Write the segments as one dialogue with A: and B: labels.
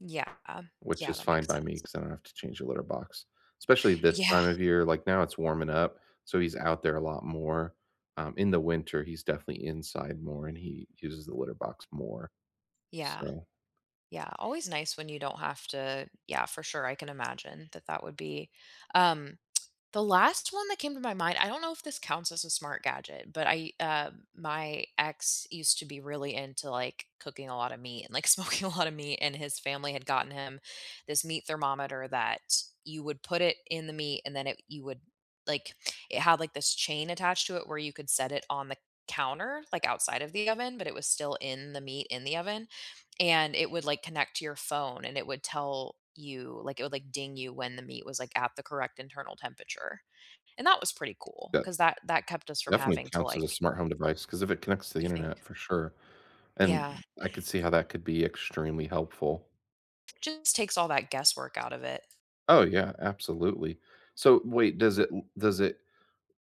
A: Yeah,
B: Which
A: yeah,
B: is
A: that
B: fine
A: makes
B: by me
A: sense.
B: 'cause I don't have to change a litter box. Especially this
A: Yeah.
B: time of year, like, now it's warming up, so he's out there a lot more. Um, in the winter, he's definitely inside more, and he uses the litter box more,
A: Yeah.
B: so
A: Yeah, always nice when you don't have to Yeah, for sure, I can imagine that that would be um, the last one that came to my mind, I don't know if this counts as a smart gadget, but I, uh my ex used to be really into, like, cooking a lot of meat and, like, smoking a lot of meat, and his family had gotten him this meat thermometer that you would put it in the meat, and then it you would like, it had, like, this chain attached to it where you could set it on the counter, like, outside of the oven, but it was still in the meat in the oven, and it would, like, connect to your phone, and it would tell you like, it would, like, ding you when the meat was, like, at the correct internal temperature, and that was pretty cool
B: Yeah.
A: 'cause that that kept us from
B: Definitely
A: having to
B: counts as a
A: like
B: smart home device 'cause if it connects to the
A: You think?
B: internet, for sure, and
A: Yeah.
B: I could see how that could be extremely helpful.
A: Just takes all that guesswork out of it.
B: Oh yeah, absolutely. So, wait, does it l does it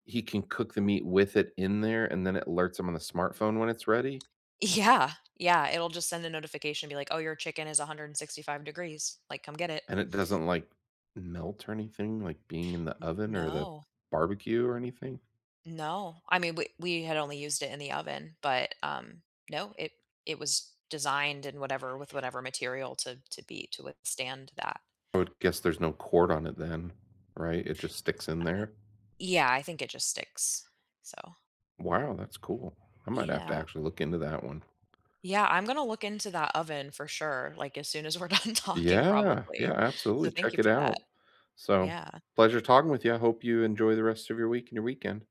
B: he can cook the meat with it in there, and then it alerts him on the smartphone when it's ready?
A: Yeah, yeah, it'll just send a notification, be like, "Oh, your chicken is 165 degrees, like, come get it."
B: And it doesn't, like, melt or anything, like, being in the
A: N
B: oven or the
A: no.
B: barbecue or anything?
A: No, I mean, we we had only used it in the oven, but, um, no, it it was designed and whatever with whatever material to to be to withstand that.
B: I would guess there's no cord on it then, right? It just sticks in
A: Uh
B: there?
A: Yeah, I think it just sticks, so
B: Wow, that's cool. I might have to
A: Yeah.
B: actually look into that one.
A: Yeah, I'm gonna look into that oven for sure, like, as soon as we're done talking,
B: Yeah, yeah,
A: probably,
B: absolutely,
A: so thank
B: check
A: you
B: it
A: for
B: out.
A: that.
B: So,
A: Yeah.
B: pleasure talking with you; I hope you enjoy the rest of your week and your weekend.